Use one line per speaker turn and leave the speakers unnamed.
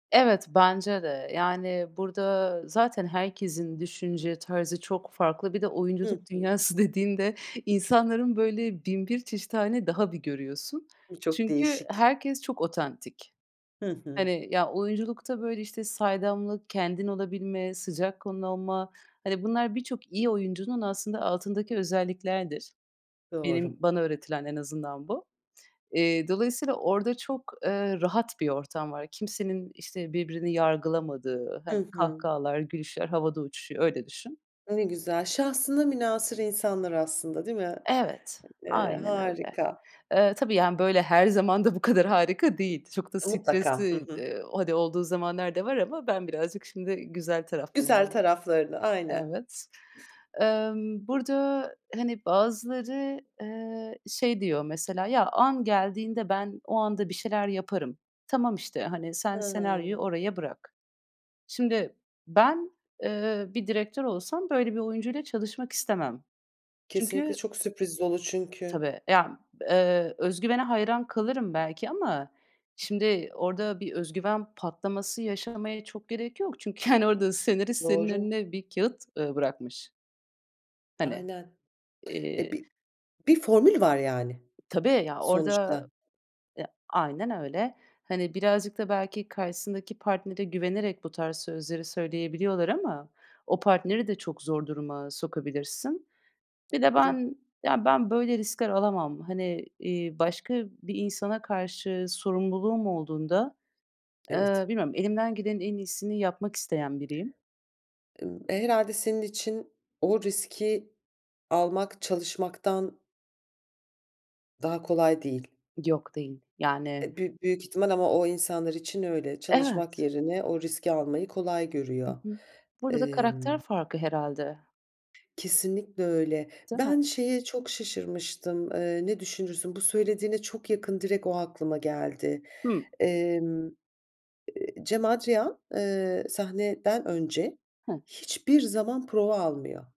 Evet, bence de. Yani, burada zaten herkesin düşünce tarzı çok farklı. Bir de
Hı
oyunculuk
hı.
dünyası dediğinde insanların böyle bin bir çeşit hâlini daha bir görüyorsun.
Bu çok
Çünkü
değişik.
herkes çok otantik.
Hı hı.
Hani, ya, oyunculukta, böyle, işte, saydamlık, kendin olabilme, sıcak kanlı olma, hani, bunlar birçok iyi oyuncunun aslında altındaki özelliklerdir.
Doğru.
Benim bana öğretilen en azından bu. Eee, dolayısıyla orada çok, eee, rahat bir ortam var. Kimsenin işte birbirini yargılamadığı,
Hı
hani,
hı.
kahkahalar, gülüşler havada uçuşuyor, öyle düşün.
Ne güzel. Şahsına münhasır insanlar aslında değil mi?
Evet,
Eee,
aynen öyle.
harika.
Eee, tabii, yani, böyle, her zaman da bu kadar harika değil. Çok da
E, mutlaka. Hı
stresli,
hı.
eee, hani, olduğu zamanlar da var ama ben birazcık şimdi güzel
Güzel
taraflarını
taraflarını aynen.
Evet. Emm, burada, hani, bazıları, eee, şey diyor mesela, "Ya, an geldiğinde ben o anda bir şeyler yaparım. Tamam, işte, hani, sen senaryoyu
Hıı.
oraya bırak." Şimdi ben, eee, bir direktör olsam böyle bir oyuncuyla çalışmak istemem.
Kesinlikle
Çünkü
çok sürpriz dolu çünkü.
Tabii. Ya, eee, özgüvene hayran kalırım belki ama şimdi orada bir özgüven patlaması yaşamaya çok gerek yok çünkü hani orada senarist senin
Doğru.
önüne bir kâğıt, ııı, bırakmış. Hani,
Aynen. Eee,
eee
bi bir formül var, yani,
Tabii ya,
sonuçta.
orada Eee, aynen öyle, hani, birazcık da belki karşısındaki partnere güvenerek bu tarz sözleri söyleyebiliyorlar ama o partneri de çok zor duruma sokabilirsin. Bir de
Doğru.
ben, ya, ben, böyle, riskler alamam. Hani, iii, başka bir insana karşı sorumluluğum olduğunda, eee,
Evet.
bilmiyorum, elimden gelenin en iyisini yapmak isteyen biriyim.
Imm, e, herhâlde senin için o riski almak çalışmaktan daha kolay değil.
Yok değil, yani
Eee, büyük büyük ihtimal ama o insanlar için öyle. Çalışmak
Evet.
yerine o riski almayı kolay
Hı
görüyor.
hı. Burada da karakter
Emm
farkı herhâlde.
Kesinlikle öyle.
Değil mi?
Ben şeye çok şaşırmıştım, eee, ne düşünürsün, bu söylediğine çok yakın direkt o aklıma geldi.
Hı.
Emm, eee, Cem Adrian, eee, sahneden önce
Hı.
hiçbir zaman prova almıyor.